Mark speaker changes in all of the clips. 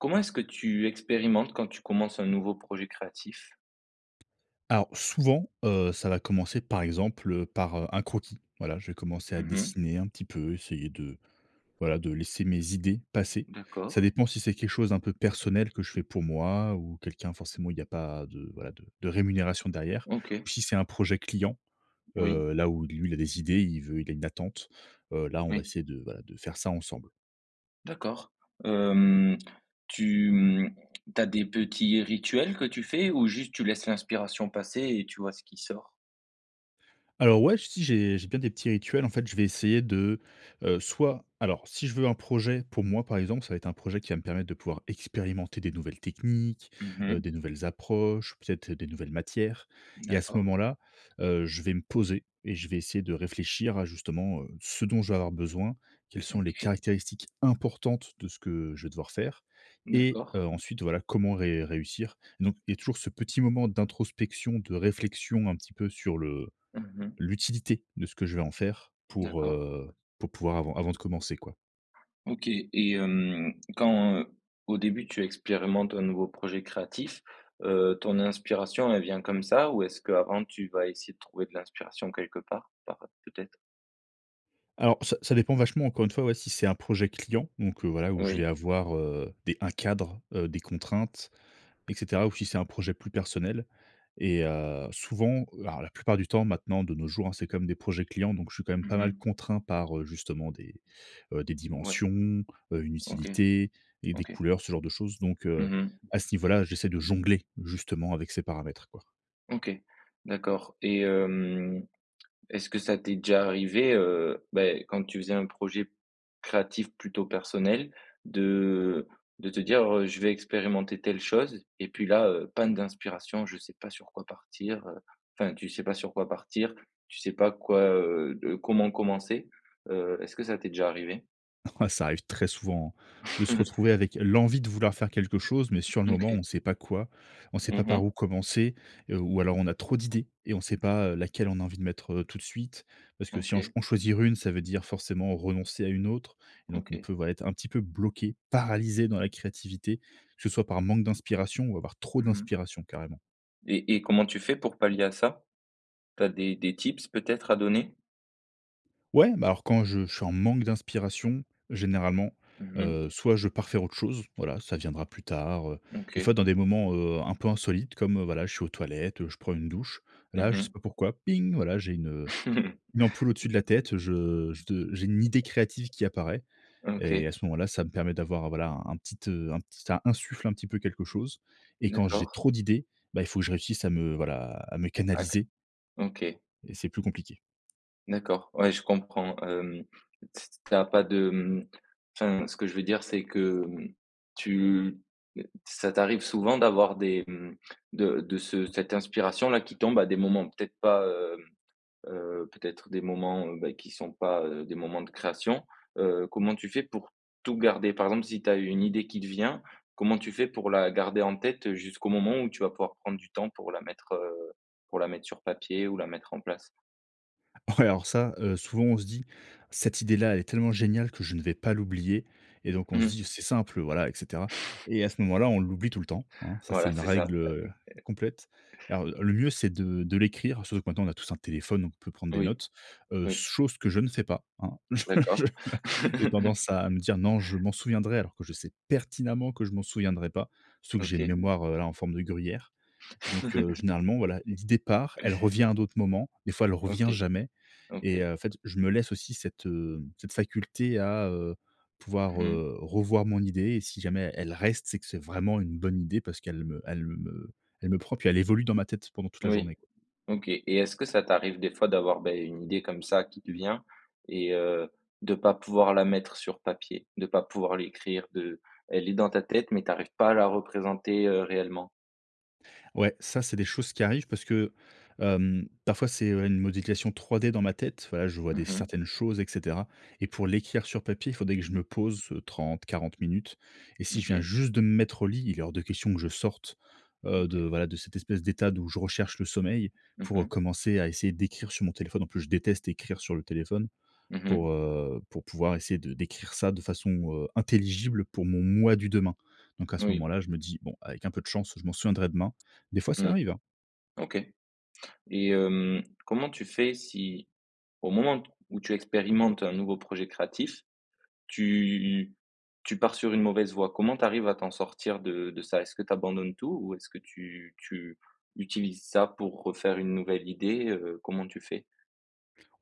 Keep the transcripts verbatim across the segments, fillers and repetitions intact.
Speaker 1: Comment est-ce que tu expérimentes, quand tu commences un nouveau projet créatif?
Speaker 2: Alors, souvent, heu, ça va commencer, par exemple, heu, par, heu, un croquis. Voilà, je vais commencer à
Speaker 1: Mmh mh.
Speaker 2: dessiner un petit peu, essayer de voilà, de laisser mes idées passer. Ça
Speaker 1: D'accord.
Speaker 2: dépend si c'est quelque chose d'un peu personnel, que je fais pour moi, ou quelqu'un. Forcément, il n'y a pas de voilà, de de rémunération derrière.
Speaker 1: OK.
Speaker 2: Ou, si c'est un projet client,
Speaker 1: Oui.
Speaker 2: heu, là où lui, il a des idées, il veut il a une attente, heu, là, on va
Speaker 1: Oui.
Speaker 2: essayer de voilà, de faire ça ensemble.
Speaker 1: D'accord. Hem, tu, hem, tu as des petits rituels que tu fais, ou juste tu laisses l'inspiration passer et tu vois ce qui sort?
Speaker 2: Alors, ouais, si j'ai j'ai bien des petits rituels, en fait. Je vais essayer de, heu, soit alors, si je veux un projet pour moi, par exemple, ça va être un projet qui va me permettre de pouvoir expérimenter des nouvelles techniques,
Speaker 1: Mmh
Speaker 2: heu,
Speaker 1: mh.
Speaker 2: des nouvelles approches, peut-être des nouvelles matières. Et à ce
Speaker 1: D'accord.
Speaker 2: moment-là, heu, je vais me poser et je vais essayer de réfléchir à, justement, heu, ce dont je vais avoir besoin. Quelles sont les
Speaker 1: OK.
Speaker 2: caractéristiques importantes de ce que je vais devoir faire? Et,
Speaker 1: D'accord.
Speaker 2: heu, ensuite voilà comment ré réussir? Donc, il y a toujours ce petit moment d'introspection, de réflexion, un petit peu, sur le
Speaker 1: Mmh mh.
Speaker 2: l'utilité de ce que je vais en faire pour,
Speaker 1: D'accord.
Speaker 2: heu, pour pouvoir avant avant de commencer, quoi.
Speaker 1: OK. Et hem, quand, au début tu expérimentes un nouveau projet créatif, heu, ton inspiration, elle vient comme ça? Ou est-ce qu'avant tu vas essayer de trouver de l'inspiration quelque part, par peut-être?
Speaker 2: Alors ça ça dépend vachement encore une fois, ouais, si c'est un projet client. Donc heu, voilà, où je vais
Speaker 1: Oui.
Speaker 2: avoir, heu, des un cadre, heu, des contraintes, et cetera. Ou si c'est un projet plus personnel et heu, souvent, alors la plupart du temps maintenant de nos jours, hein, c'est quand même des projets clients donc je suis quand même
Speaker 1: Mmh
Speaker 2: pas mal
Speaker 1: mh.
Speaker 2: contraint par, heu, justement des, heu, des
Speaker 1: Ouais.
Speaker 2: dimensions, heu, une
Speaker 1: OK,
Speaker 2: utilité et des
Speaker 1: OK.
Speaker 2: couleurs, ce genre de choses. Donc heu,
Speaker 1: Mmh mh.
Speaker 2: à ce niveau là, j'essaie de jongler justement avec ces paramètres, quoi.
Speaker 1: OK. D'accord et hem, est-ce que ça t'est déjà arrivé, heu, ben, quand tu faisais un projet créatif plutôt personnel de de te dire, heu, je vais expérimenter telle chose, et puis là, heu, panne d'inspiration, je sais pas sur quoi partir, heu, enfin, tu sais pas sur quoi partir, tu sais pas quoi, heu, de comment commencer. Heu, est-ce que ça t'est déjà arrivé?
Speaker 2: Ouais, ça arrive très souvent hein, de se retrouver avec l'envie de vouloir faire quelque chose, mais sur le moment, on
Speaker 1: OK.
Speaker 2: sait pas quoi. On sait pas
Speaker 1: Mmh
Speaker 2: par
Speaker 1: mh.
Speaker 2: où commencer? Et, ou alors on a trop d'idées. Et on sait pas, heu, laquelle on a envie de mettre, heu, tout de suite. Parce que si on
Speaker 1: OK.
Speaker 2: en choisir une, ça veut dire forcément renoncer à une autre. Et donc on
Speaker 1: OK.
Speaker 2: peut, voilà, être un petit peu bloqué, paralysé dans la créativité, que ce soit par manque d'inspiration ou avoir trop
Speaker 1: Mmh mh.
Speaker 2: d'inspiration carrément.
Speaker 1: Et et comment tu fais pour pallier à ça? Tu as des des tips, peut-être, à donner?
Speaker 2: Ouais, bah, alors, quand je je suis en manque d'inspiration, généralement,
Speaker 1: Mmh mh.
Speaker 2: heu, soit je pars faire autre chose, voilà, ça viendra plus tard, heu, des
Speaker 1: OK.
Speaker 2: fois, dans des moments, heu, un peu insolites comme, voilà, je suis aux toilettes, je prends une douche.
Speaker 1: Mmh
Speaker 2: Là, je sais
Speaker 1: mh.
Speaker 2: pas pourquoi, ping, voilà, j'ai une, heu, une ampoule au-dessus de la tête, je je j'ai une idée créative qui apparaît. Et
Speaker 1: OK.
Speaker 2: à ce moment-là, ça me permet d'avoir, voilà, un petit, heu, un petit ça insuffle un petit peu quelque chose, et quand j'ai
Speaker 1: D'accord.
Speaker 2: trop d'idées, bah, il faut que je réussisse à me, voilà, à me
Speaker 1: OK,
Speaker 2: canaliser.
Speaker 1: OK.
Speaker 2: Et c'est plus compliqué.
Speaker 1: D'accord, ouais, je comprends, hem, t s tu as pas de, hem, enfin, ce que je veux dire, c'est que, hem, tu ça t'arrive souvent d'avoir des, mmh, de de ce cette inspiration-là, qui tombe à des moments, peut-être pas, hem, heu, peut-être des moments, heu, beh, qui sont pas, heu, des moments de création? Heu, comment tu fais pour tout garder? Par exemple, si tu as une idée qui te vient, comment tu fais pour la garder en tête, jusqu'au moment où tu vas pouvoir prendre du temps pour la mettre, heu, pour la mettre sur papier ou la mettre en place?
Speaker 2: Ouais, alors ça, heu, souvent, on se dit: «Cette idée-là, elle est tellement géniale que je ne vais pas l'oublier». Et donc, on
Speaker 1: Mmh
Speaker 2: se dit:
Speaker 1: mh.
Speaker 2: «C'est simple, heu, voilà, et cetera». Et à ce moment-là, on l'oublie tout le temps, hein. Ça, c'est
Speaker 1: Voilà,
Speaker 2: une
Speaker 1: c'est ça.
Speaker 2: règle, heu, complète. Alors, le mieux, c'est de de l'écrire, surtout que, maintenant, on a tous un téléphone, donc on peut prendre des
Speaker 1: Oui,
Speaker 2: notes. Heu, s
Speaker 1: oui.
Speaker 2: chose que je ne fais pas, hein.
Speaker 1: D'accord.
Speaker 2: J'ai tendance à me dire: «Non, je m'en souviendrai», alors que je sais pertinemment que je m'en souviendrai pas, surtout que j'ai une
Speaker 1: OK.
Speaker 2: mémoire, heu, a en forme de gruyère. Donc heu, généralement, voilà, l'idée part, elle revient à d'autres moments, des fois elle revient
Speaker 1: OK,
Speaker 2: jamais. Et
Speaker 1: OK.
Speaker 2: heu, en fait, je me laisse aussi cette, heu, cette faculté à, heu, pouvoir,
Speaker 1: Mmh mh.
Speaker 2: heu, revoir mon idée. Et si jamais elle reste, c'est que c'est vraiment une bonne idée parce qu'elle me elle me elle me prend, puis elle évolue dans ma tête pendant toute la
Speaker 1: Oui.
Speaker 2: journée, quoi.
Speaker 1: OK. Et est-ce que ça t'arrive, des fois, d'avoir, beh, une idée, comme ça, qui te vient et heu, de pas pouvoir la mettre sur papier? De pas pouvoir l'écrire? De elle est dans ta tête, mais t'arrives pas à la représenter, heu, réellement?
Speaker 2: Ouais, ça, c'est des choses qui arrivent parce que, hem, parfois, c'est une modication 3D dans ma tête. Voilà, je vois des
Speaker 1: Mmh mh.
Speaker 2: certaines choses, et cetera, et pour l'écrire sur papier, il faudrait que je me pose trente-quarante minutes. Et si je viens
Speaker 1: OK.
Speaker 2: juste de me mettre au lit, il est hors de question que je sorte, heu, de
Speaker 1: OK.
Speaker 2: voilà, de cette espèce d'état d'où je recherche le sommeil
Speaker 1: Mmh
Speaker 2: pour
Speaker 1: mh.
Speaker 2: commencer à essayer d'écrire sur mon téléphone. En plus, je déteste écrire sur le téléphone
Speaker 1: Mmh mh.
Speaker 2: pour heu, pour pouvoir essayer de d'écrire ça de façon, heu, intelligible pour mon moi du demain. Donc, à ce
Speaker 1: Oui.
Speaker 2: moment-là, je me dis: «Bon, avec un peu de chance, je m'en souviendrai demain». Des fois ça
Speaker 1: Mmh.
Speaker 2: arrive, hein.
Speaker 1: OK. Et, hem, comment tu fais si, au moment où tu expérimentes un nouveau projet créatif, tu tu pars sur une mauvaise voie? Comment tu arrives à t'en sortir de de ça? Est-ce que tu abandonnes tout ou est-ce que tu tu utilises ça pour refaire une nouvelle idée? Heu, comment tu fais?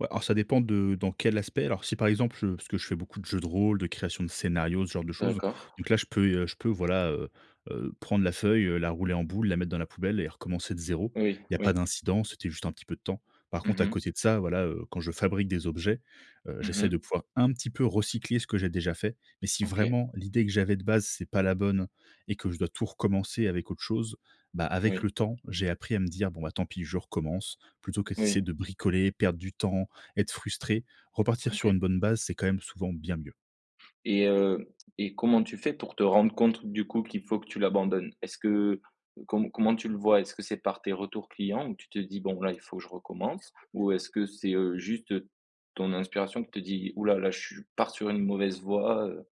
Speaker 2: Ouais, alors, ça dépend de dans quel aspect. Alors, si, par exemple, je parce que je fais beaucoup de jeu de rôle, de création de scénario, ce genre de choses.
Speaker 1: D'accord.
Speaker 2: Donc, là, je peux, heu, je peux voilà, heu heu, prendre la feuille, heu, la rouler en boule, la mettre dans la poubelle et recommencer de zéro.
Speaker 1: Oui,
Speaker 2: Il y a pas
Speaker 1: oui.
Speaker 2: d'incident, c'était juste un petit peu de temps. Par contre,
Speaker 1: Mmh
Speaker 2: à
Speaker 1: mh.
Speaker 2: côté de ça voilà, heu, quand je fabrique des objets, heu,
Speaker 1: Mmh
Speaker 2: j'essaie
Speaker 1: mh.
Speaker 2: de pouvoir un petit peu recycler ce que j'ai déjà fait, mais, si
Speaker 1: OK.
Speaker 2: vraiment l'idée que j'avais, de base, c'est pas la bonne et que je dois tout recommencer avec autre chose, bah, avec
Speaker 1: Oui.
Speaker 2: le temps, j'ai appris à me dire: «Bon, bah, tant pis, je recommence», plutôt que d'essayer
Speaker 1: Oui.
Speaker 2: de bricoler, perdre du temps, être frustré. Repartir sur
Speaker 1: OK.
Speaker 2: une bonne base, c'est quand même souvent bien mieux.
Speaker 1: Et heu, et comment tu fais pour te rendre contre, du coup, qu'il faut que tu l'abandonnes? Est-ce que co comment, tu le vois? Est-ce que c'est par tes retours clients ou tu te dis: «Bon, là, il faut que je recommence» ou est-ce que c'est, heu, juste, heu, ton inspiration qui te dit: «Ouh là là je suis pars sur une mauvaise voie, heu?»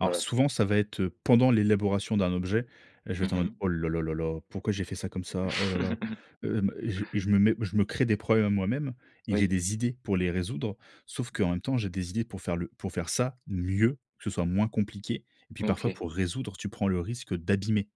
Speaker 2: Alors,
Speaker 1: [unintelligible]
Speaker 2: souvent, ça va êtes, heu, pendant l'élaboration d'un objet, je vais être
Speaker 1: Mmh
Speaker 2: en mode:
Speaker 1: mh.
Speaker 2: «Oh là, là, là, là, pourquoi j'ai fait ça comme ça? Oh là là! hem, et je et je me mets je me crée des problèmes à moi-même.» et j'ai
Speaker 1: Oui.
Speaker 2: des idées pour les résoudre. Sauf qu'en même temps, j'ai des idées pour faire le pour faire ça mieux, que ce soit moins compliqué. Et puis, parfois,
Speaker 1: OK.
Speaker 2: pour résoudre, tu prends le risque d'abîmer.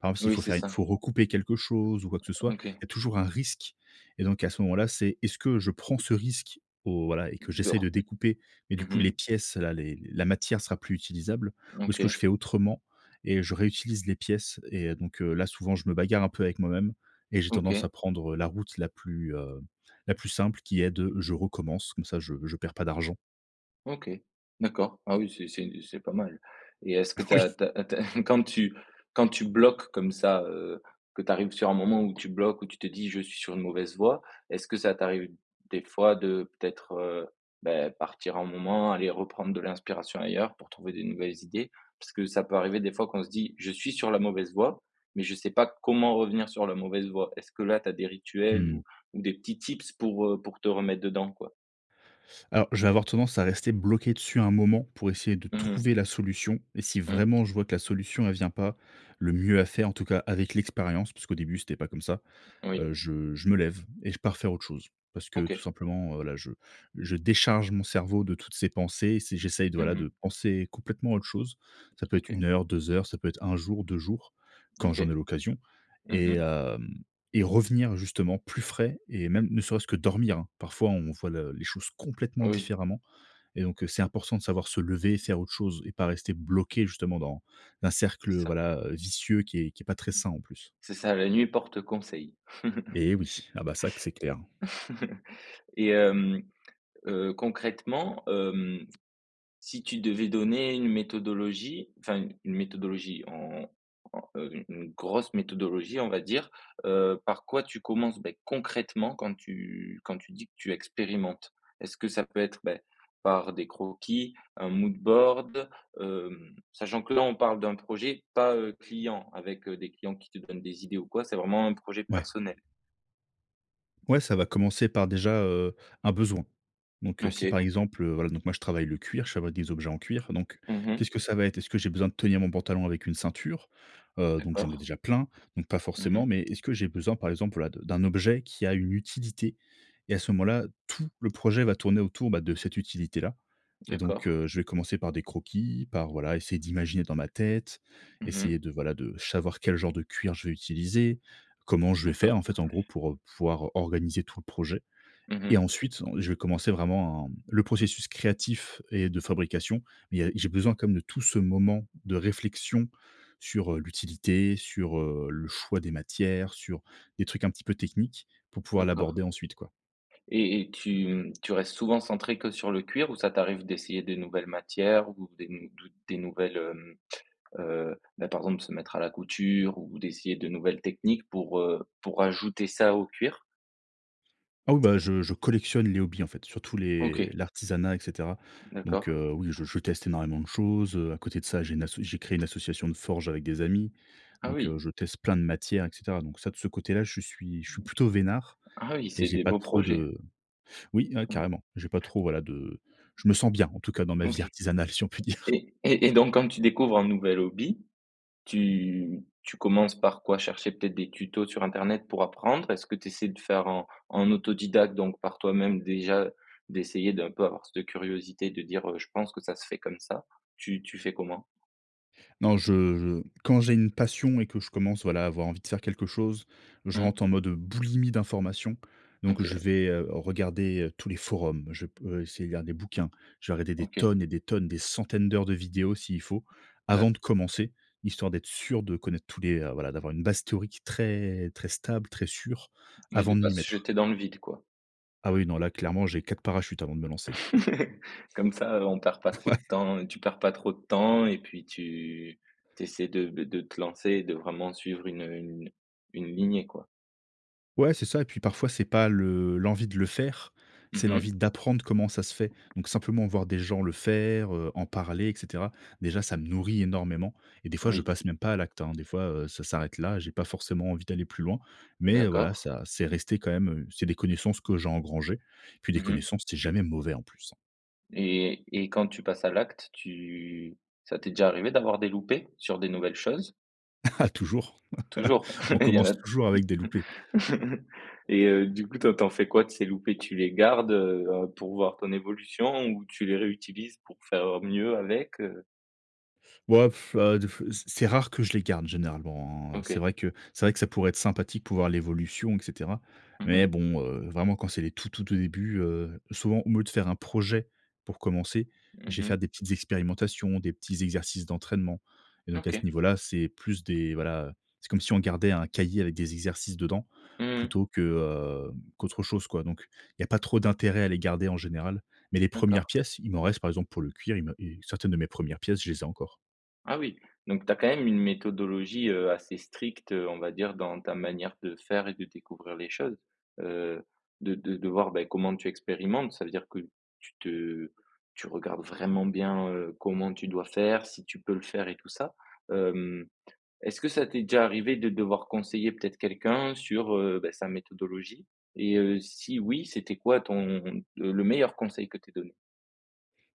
Speaker 2: Par exemple, s'il
Speaker 1: Oui,
Speaker 2: faut
Speaker 1: c'est
Speaker 2: faire il
Speaker 1: ça.
Speaker 2: faut recouper quelque chose ou quoi que ce soit,
Speaker 1: OK.
Speaker 2: il y a toujours un risque. Et donc, heu, à ce moment-là, c'est, est-ce que je prends ce risque au voilà et que
Speaker 1: De r
Speaker 2: j'essaie de découper. Mais, du
Speaker 1: mmh
Speaker 2: coup, les
Speaker 1: mh.
Speaker 2: pièces-là, les la matière sera plus utilisable, ou est-ce que je
Speaker 1: OK.
Speaker 2: fais autrement et je réutilise les pièces et donc heu, là, souvent, je me bagarre un peu avec moi-même et j'ai tendance à
Speaker 1: OK.
Speaker 2: prendre, heu, la route la plus, heu, la plus simple, qui est de, je recommence, comme ça je je perds pas d'argent.
Speaker 1: OK, d'accord. Ah oui, c'est c'est une c'est pas mal, et est-ce que tu
Speaker 2: Oui.
Speaker 1: as tu as tu as quand tu quand tu bloques comme ça? Heu, que tu arrives sur un moment où tu bloques, où tu te dis je suis sur une mauvaise voie, est-ce que ça t'arrive, des fois, de peut-être, heu, beh, partir un moment, aller reprendre de l'inspiration ailleurs, pour trouver des nouvelles idées? Parce que ça peut arriver, des fois, qu'on se dit: «je suis sur la mauvaise voie, mais je ne sais pas comment revenir sur la mauvaise voie». Est-ce que là, tu as des
Speaker 2: Mmh
Speaker 1: rituels,
Speaker 2: mh.
Speaker 1: ou ou des petits tips pour, heu, pour te remettre dedans, quoi?
Speaker 2: Alors, je vais avoir tendance à rester bloqué dessus un moment pour essayer de
Speaker 1: Mmh mh.
Speaker 2: trouver la solution, et si
Speaker 1: Mmh.
Speaker 2: vraiment je vois que la solution, elle vient pas. Le mieux à faire en tout cas avec l'expérience parce qu'au début, c'était pas comme ça.
Speaker 1: Oui.
Speaker 2: Heu, je je me lève et je pars faire autre chose. Parce que tout
Speaker 1: OK.
Speaker 2: simplement, heu, là, je je décharge mon cerveau de toutes ces pensées, si j'essaie de, voilà,
Speaker 1: Mmh mh.
Speaker 2: de penser complètement autre chose. Ça peut être une
Speaker 1: OK.
Speaker 2: heure, deux heures, ça peut être un jour, deux jours, quand j'en
Speaker 1: OK.
Speaker 2: ai l'occasion.
Speaker 1: Mmh
Speaker 2: Et
Speaker 1: mh.
Speaker 2: hem, et revenir justement plus frais et même ne serait-ce que dormir. Parfois, on voit le les choses complètement
Speaker 1: Oui.
Speaker 2: différemment. Et donc c'est important de savoir se lever, faire autre chose et pas rester bloqué justement dans un
Speaker 1: C'est
Speaker 2: cercle,
Speaker 1: ça.
Speaker 2: voilà, heu, vicieux qui est qui est pas très sain en plus.
Speaker 1: C'est ça, la nuit porte conseil.
Speaker 2: Et oui, ah bah ça que c'est clair.
Speaker 1: Et hem, heu, concrètement, hem, si tu devais donner une méthodologie, enfin, une méthodologie en en, heu, une grosse méthodologie, on va dire, heu, par quoi tu commences, beh, concrètement? Quand tu quand tu dis que tu expérimentes? Est-ce que ça peut être, beh, par des croquis, un moodboard, heu, sachant que là, on parle d'un projet pas, heu, client, avec, heu, des clients qui te donnent des idées ou quoi? C'est vraiment un projet
Speaker 2: Ouais.
Speaker 1: personnel.
Speaker 2: Ouais, ça va commencer par déjà, heu, un besoin. Donc heu, si
Speaker 1: OK.
Speaker 2: par exemple, heu, voilà, donc moi, je travaille le cuir, je travaille des objets en cuir, donc,
Speaker 1: Mmh mh.
Speaker 2: qu'est-ce que ça va être? Est-ce que j'ai besoin de tenir mon pantalon avec une ceinture? Heu, donc, j'en ai
Speaker 1: D'accord.
Speaker 2: déjà plein, donc, pas
Speaker 1: Mmh
Speaker 2: forcément,
Speaker 1: mh.
Speaker 2: mais est-ce que j'ai besoin par exemple, voilà, de d'un objet qui a une utilité? Et à ce moment-là, tout le projet va tourner autour, bah, de cette utilité-là et donc
Speaker 1: D'accord.
Speaker 2: heu, je vais commencer par des croquis, par, voilà, essayer d'imaginer dans ma tête.
Speaker 1: Mmh mh.
Speaker 2: Essayer de, voilà, de savoir quel genre de cuir je vais utiliser, comment je vais faire
Speaker 1: D'accord.
Speaker 2: en fait, en gros, pour, heu, pouvoir organiser tout le projet
Speaker 1: Mmh
Speaker 2: et
Speaker 1: mh.
Speaker 2: ensuite, en je vais commencer vraiment en le processus créatif et de fabrication. Mais, il y a j'ai besoin quand même de tout ce moment de réflexion sur, heu, l'utilité, sur, heu, le choix des matières, sur des trucs un petit peu techniques pour pouvoir
Speaker 1: D'accord.
Speaker 2: l'aborder ensuite, quoi.
Speaker 1: Et et tu mmh tu restes souvent centré que sur le cuir ou ça t'arrive d'essayer des nouvelles matières ou des mmh, dou des nouvelles hem heu, bah, par exemple, de se mettre à la couture ou d'essayer de nouvelles techniques pour, heu, pour rajouter ça au cuir?
Speaker 2: Ah oui ben je je collectionne les hobbies en fait, surtout les
Speaker 1: OK.
Speaker 2: l'artisanat et cetera. Donc
Speaker 1: D'accord.
Speaker 2: heu, oui, je je teste énormément de choses heu. A côté de ça, j'ai une asso j'ai créé une association de forge avec des amis,
Speaker 1: Ah
Speaker 2: donc heu,
Speaker 1: oui!
Speaker 2: je teste plein de matières et cetera. Donc ça de ce côté-là, je suis je suis plutôt veinard
Speaker 1: Ah oui,
Speaker 2: et
Speaker 1: c'est
Speaker 2: j'ai
Speaker 1: des
Speaker 2: pas
Speaker 1: beaux
Speaker 2: trop
Speaker 1: projets.
Speaker 2: de oui, hein,
Speaker 1: Ouais.
Speaker 2: carrément. J'ai pas trop voilà de je me sens bien en tout cas dans ma vie
Speaker 1: OK
Speaker 2: artisanale si on peut dire.
Speaker 1: et et et donc quand tu découvres un nouvel hobby, tu tu commences par quoi? Chercher peut-être des tutos sur internet pour apprendre? Est-ce que t'essaies de faire en en autodidacte, donc par toi-même, déjà d'essayer d'un peu avoir cette curiosité de dire, heu: "Je pense que ça se fait comme ça?" Tu tu fais comment?
Speaker 2: Non, je je quand j'ai une passion et que je commence, voilà, à avoir envie de faire quelque chose, je
Speaker 1: Mmh.
Speaker 2: rentre en mode boulimie d'information. Donc je
Speaker 1: OK.
Speaker 2: vais, heu, regarder, heu, tous les forums, je peux essayer de lire des bouquins, je vais regarder des
Speaker 1: OK.
Speaker 2: tonnes et des tonnes, des centaines d'heures de vidéos s'il faut,
Speaker 1: D'a
Speaker 2: avant de commencer, histoire d'être sûr de connaître tous les heu voilà, d'avoir une base théorique très très stable, très sûre,
Speaker 1: Oui, de
Speaker 2: avant de
Speaker 1: pas
Speaker 2: m'y
Speaker 1: se
Speaker 2: mettre.
Speaker 1: jeter dans le vide quoi.
Speaker 2: Ah oui, non, là clairement, j'ai quatre parachutes avant de me lancer.
Speaker 1: Comme ça, heu, on perd pas trop de
Speaker 2: Ouais.
Speaker 1: temps et tu perds pas trop de temps et puis tu tu essaies de de te lancer et de vraiment suivre une une une lignée, quoi.
Speaker 2: Ouais, c'est ça et puis parfois, c'est pas le l'envie de le faire.
Speaker 1: Mmh
Speaker 2: C'est l'envie
Speaker 1: mh.
Speaker 2: d'apprendre comment ça se fait, donc simplement voir des gens le faire, heu, en parler et cetera, déjà, ça me nourrit énormément et des fois je
Speaker 1: Oui.
Speaker 2: passe même pas à l'acte, hein, des fois, heu, ça s'arrête là, j'ai pas forcément envie d'aller plus loin mais heu, voilà,
Speaker 1: D'accord.
Speaker 2: ça c'est resté quand même, heu, c'est des connaissances que j'ai engrangées et puis des
Speaker 1: Mmh mh.
Speaker 2: connaissances, c'est jamais mauvais en plus, hein.
Speaker 1: Et et quand tu passes à l'acte, tu ça t'est déjà arrivé d'avoir des loupés sur des nouvelles choses?
Speaker 2: Ah, toujours.
Speaker 1: Toujours?
Speaker 2: On
Speaker 1: Il y en
Speaker 2: commence
Speaker 1: a.
Speaker 2: toujours avec des loupés.
Speaker 1: et heu, du coup, toi, tu en fais quoi de ces loupés? Tu les gardes, heu, pour voir ton évolution ou tu les réutilises pour faire, heu, mieux avec, heu?
Speaker 2: Ouah, pff, heu, des pff, c'est c'est rare que je les garde généralement hein, heu, c'est
Speaker 1: OK.
Speaker 2: vrai que c'est vrai que ça pourrait être sympathique pour voir l'évolution et cetera
Speaker 1: Mmh mh.
Speaker 2: mais bon, heu, vraiment quand c'est les tout tout au début, heu, souvent aumeu de faire un projet pour commencer, je
Speaker 1: Mmh
Speaker 2: vais
Speaker 1: mh.
Speaker 2: faire des petites expérimentations, des petits exercices d'entraînement et donc, à ce
Speaker 1: OK.
Speaker 2: niveau-là, c'est plus des voilà, c'est comme si on gardait un cahier avec des exercices dedans
Speaker 1: Mmh mh.
Speaker 2: plutôt que, heu, qu'autre chose quoi, donc, il y a pas trop d'intérêt à les garder en général mais les
Speaker 1: D'accord.
Speaker 2: premières pièces, il m'en reste, par exemple, pour le cuir, il me il certaines de mes premières pièces, je les ai encore.
Speaker 1: Ah oui, donc tu as quand même une méthodologie, heu, assez stricte, heu, on va dire, dans ta manière de faire et de découvrir les choses, heu, de de de voir, bah comment tu expérimentes. Ça veut dire que tu te tu regardes vraiment bien, heu, comment tu dois faire, si tu peux le faire et tout ça. Hem, est-ce que ça t'est déjà arrivé de devoir conseiller, peut-être, quelqu'un sur, heu, ben sa méthodologie? Et heu, si oui, c'était quoi ton le meilleur conseil que tu aies donné?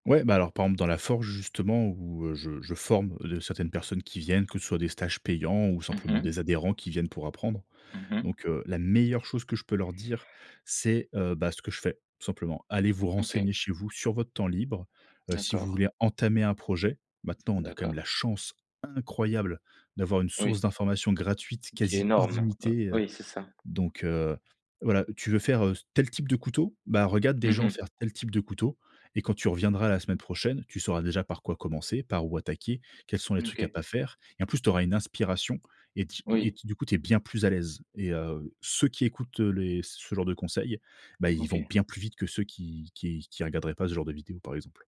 Speaker 2: Ouais, bah, alors [unintelligible] dans la forge, justement où, heu, je je forme les, heu certaines personnes qui viennent, que ce soit des stages payants ou
Speaker 1: Mmh
Speaker 2: simplement
Speaker 1: mh.
Speaker 2: des adhérents, qui viennent pour apprendre.
Speaker 1: Mmh mh.
Speaker 2: Donc heu, la meilleure chose que je peux leur dire c'est, heu, bah, ce que je fais, tout simplement: «Allez vous
Speaker 1: OK.
Speaker 2: renseigner chez vous, sur votre temps libre, heu, si vous
Speaker 1: D'accord.
Speaker 2: voulez entamer un projet.» maintenant, on a, quand même,
Speaker 1: D'accord.
Speaker 2: la chance incroyable d'avoir une source
Speaker 1: Oui.
Speaker 2: d'information gratuite,
Speaker 1: Qui est
Speaker 2: quasi
Speaker 1: énorme, heu,
Speaker 2: illimitée, heu,
Speaker 1: oui, c'est ça.
Speaker 2: donc heu, voilà, tu veux faire, heu, s tel type de couteau, bah, regarde des
Speaker 1: Mmh
Speaker 2: gens
Speaker 1: mh.
Speaker 2: faire tel type de couteau et quand tu reviendras la semaine prochaine, tu sauras déjà par quoi commencer, par où attaquer, quels sont les
Speaker 1: Mmh
Speaker 2: trucs à
Speaker 1: OK.
Speaker 2: pas faire. Et, en plus, tu auras une inspiration et t et
Speaker 1: Oui.
Speaker 2: du coup, tu es bien plus à l'aise et heu, ceux qui écoutent, heu, les ce genre de conseils, bah, ils vont
Speaker 1: OK.
Speaker 2: bien plus vite que ceux qui qui qui regarderaient pas ce genre de vidéo, par exemple.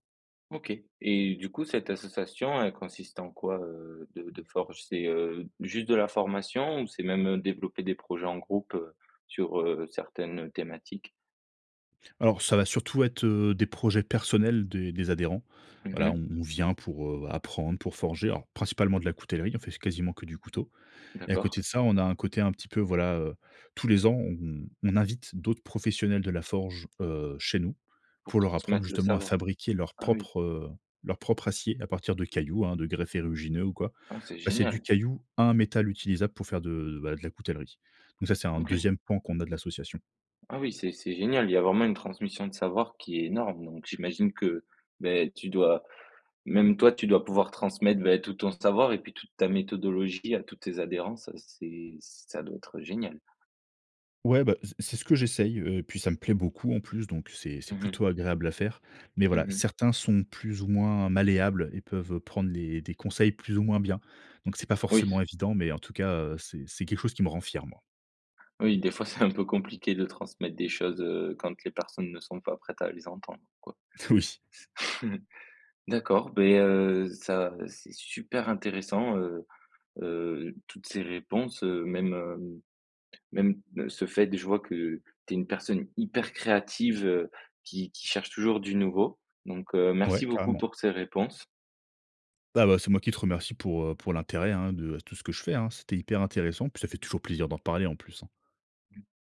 Speaker 1: OK, et du coup, cette association, elle consiste en quoi, heu, de de forge? C'est, heu, juste de la formation? Ou c'est même, heu, développer des projets en groupe, heu, sur, heu, certaines, heu, thématiques?
Speaker 2: Alors, ça va surtout être, heu, des projets personnels des des adhérents.
Speaker 1: Mhm
Speaker 2: Voilà,
Speaker 1: mh.
Speaker 2: on on vient pour, heu, apprendre, pour forger, alors, principalement de la coutellerie. On fait s quasiment que du couteau! Et à
Speaker 1: D'accord.
Speaker 2: côté de ça, on a un côté un petit peu voilà, heu, tous les ans, on on invite d'autres professionnels de la forge, heu, chez nous
Speaker 1: Pour
Speaker 2: pour leur apprendre,
Speaker 1: transmettre le
Speaker 2: justement, à
Speaker 1: savoir.
Speaker 2: fabriquer leur
Speaker 1: Ah, oui!
Speaker 2: propre, heu, leur propre acier à partir de cailloux, hein, de greffes érugineux ou quoi.
Speaker 1: Ah, c'est
Speaker 2: Passer du
Speaker 1: génial!
Speaker 2: caillou à un métal utilisable pour faire de bah, de la coutellerie. Donc ça, c'est un
Speaker 1: OK.
Speaker 2: deuxième point qu'on a de l'association.
Speaker 1: Ah oui! C'est c'est génial! Il y a vraiment une transmission de savoir qui est énorme. Donc j'imagine que, beh, tu dois même toi, tu dois pouvoir transmettre, beh, tout ton savoir et puis toute ta méthodologie à tous tes adhérents. Ça c'est ça doit être, heu, génial.
Speaker 2: Ouais, bah, s c'est ce que j'essaye, heu, et puis ça me plaît beaucoup en plus, donc c'est c'est
Speaker 1: Mmh mh.
Speaker 2: plutôt agréable à faire, mais voilà,
Speaker 1: Mmh mh.
Speaker 2: certains sont plus ou moins malléables et peuvent prendre les des conseils plus ou moins bien. Donc, c'est pas
Speaker 1: Oui.
Speaker 2: forcément évident, mais en tout cas, heu, c'est c'est quelque chose qui me rend fier, moi.
Speaker 1: Oui. Des fois, c'est, un peu compliqué de transmettre des choses, heu, quand les personnes ne sont pas prêtes à les entendre, quoi.
Speaker 2: Oui.
Speaker 1: D'accord. Beh, heu, ça c'est super intéressant, heu heu, toutes ces réponses, heu, même, heu, même ce fait de je vois que tu es une personne hyper créative, heu, qui qui cherche toujours du nouveau! Donc heu,
Speaker 2: Ouais!
Speaker 1: merci beaucoup
Speaker 2: Carrément.
Speaker 1: pour ces réponses.
Speaker 2: Ah bah, c'est moi qui te remercie pour, heu, pour l'intérêt, hein, de, heu, tout ce que je fais, hein. C'était hyper intéressant, puis ça fait toujours plaisir d'en parler, en plus, hein.